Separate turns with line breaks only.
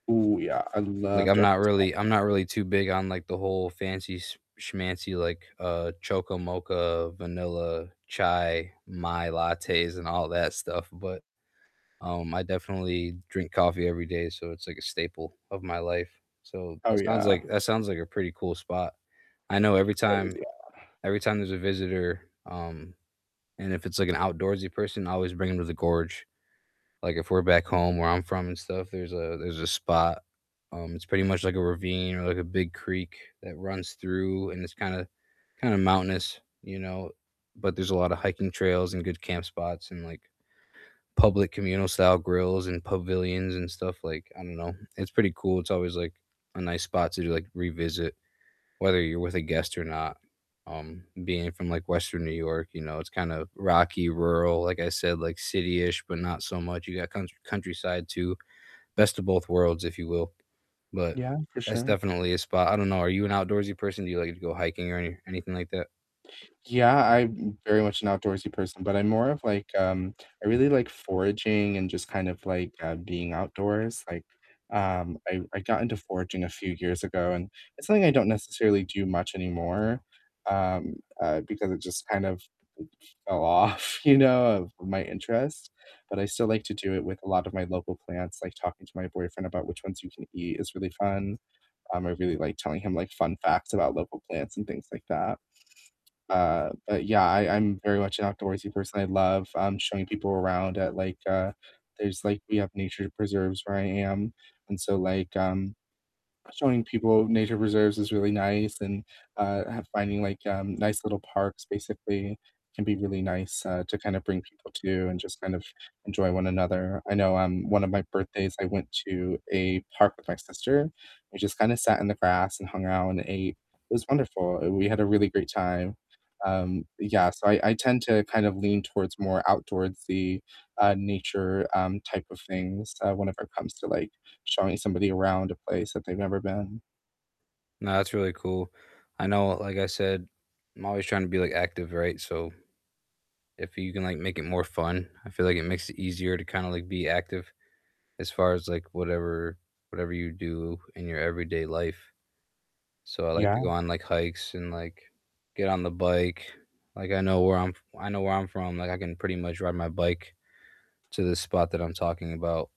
Ooh, yeah, I
Like,
love
I'm
dark
not
roast
really I'm
coffee.
not really too big on, like, the whole fancy sch schmancy, like, uh, choco mocha, vanilla, chai, my lattes and all that stuff, but, um, I definitely drink coffee every day, so it's like a staple of my life. So that
Oh,
sounds
yeah.
like that sounds like a pretty cool spot. I know every
Oh,
time
yeah.
every time there's a visitor, um, and if it's, like, an outdoorsy person, I always bring ‘em to the gorge, like, if we're back home where I'm from and stuff, there's a there's a spot, um, it's pretty much like a ravine or like a big creek that runs through, and it's kinda kinda mountainous, you know. But there's a lot of hiking trails and good camp spots and, like, public communal style grills and pavilions and stuff, like, I don't know, it's pretty cool. It's always, like, a nice spot to, like, revisit whether you're with a guest or not. Um, being from, like, Western New York, you know, it's kinda rocky, rural like I said, like, city-ish, but not so much. You got country countryside too. Best of both worlds, if you will. But
Yeah, for
that's
sure.
definitely a spot. I don't know, are you an outdoorsy person? Do you like to go hiking or any anything like that?
Yeah, I'm m very much an outdoorsy person, but I'm more of, like, um I really like foraging and just kind of, like, uh, being outdoors, like, um, I I got into foraging a few years ago, and it's something I don't necessarily do much anymore, um, uh, because it just kind of fell off, you know, of my interest, but I still like to do it with a lot of my local plants, like talking to my boyfriend about which ones you can eat is really fun, um, I really like telling him, like, fun facts about local plants and things like that. Uh, but yeah, I I'm very much an outdoorsy person; I love, um, showing people around at, like, uh there's, like we have nature preserves where I am, and so, like, um, showing people nature preserves is really nice and, uh, finding, like, um, nice little parks basically can be really nice, uh, to kinda bring people to and just kind of enjoy one another. I know, um, one of my birthdays, I went to a park with my sister, we just kinda sat in the grass and hung out and ate. It was wonderful; we had a really great time. Um, yeah, so I I tend to kind of lean towards more outdoorsy, uh, nature, um, type of things, uh, whenever it comes to, like, showing somebody around a place that they've never been.
Nah, that's really cool. I know like I said, I'm always trying to be, like, active, right? So if you can, like, make it more fun, I feel like it makes it easier to kinda, like, be active as far as, like, whatever whatever you do in your everyday life. So I like to go
Yeah.
on, like, hikes and, like, get on the bike. Like, I know where I'm f I know where I'm from, like, I can pretty much ride my bike to the spot that I'm talking about.